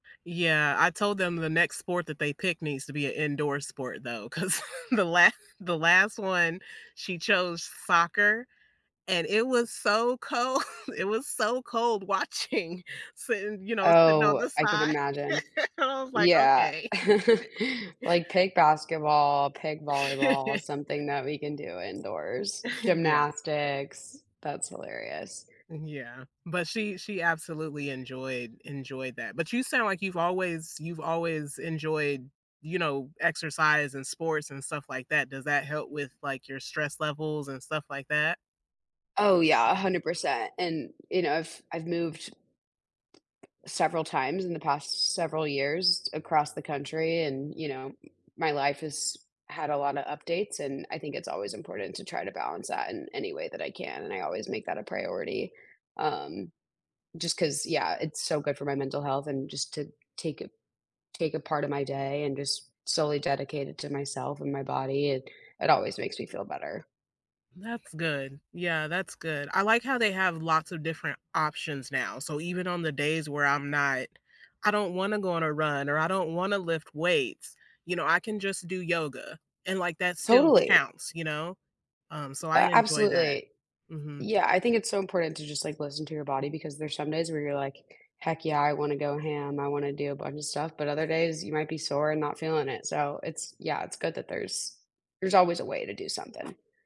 Yeah, I told them the next sport that they picked needs to be a indoor sport though, 'cause the la the last one, she chose soccer, and it was so cold, it was so cold watching, sitting, you know, sitting on Oh, the I can side. imagine. I was, like, Yeah, "Okay." like, pick basketball, pick volleyball, something that we can do indoors, Yeah. gymnastics, that's hilarious. M yeah, but she she absolutely enjoyed enjoyed that. But you sound like you've always you've always enjoyed, you know, exercise and sports and stuff like that. Does that help with, like, your stress levels and stuff like that? Oh yeah, 100%, and, you know, I've I've moved several times in the past several years across the country and, you know, my life has had a lottta updates and I think it's always important to try to balance that in any way that I can and I always make that a priority, um, just 'cause, yeah, it's so good for my mental health and just to take a take a part of my day and just solely dedicate it to myself and my body, it it always makes me feel better. That's good. Yeah, that's good. I like how they have lots of different options now, so even on the days where I'm not, "I don't wanna go on a run, or I don't wanna lift weights," you know, I can just do yoga, and, like, that still Totally. counts, you know, um, so I A enjoy that. absolutely. Mhm. Yeah, I think it's so important to just, like, listen to your body because there's some days where you're, like, "Heck yeah, I want to go ham, I wanna do a bunch of stuff," but other days you might be sore and not feeling it, so it's, yeah, it's good that there's there's always a way to do something.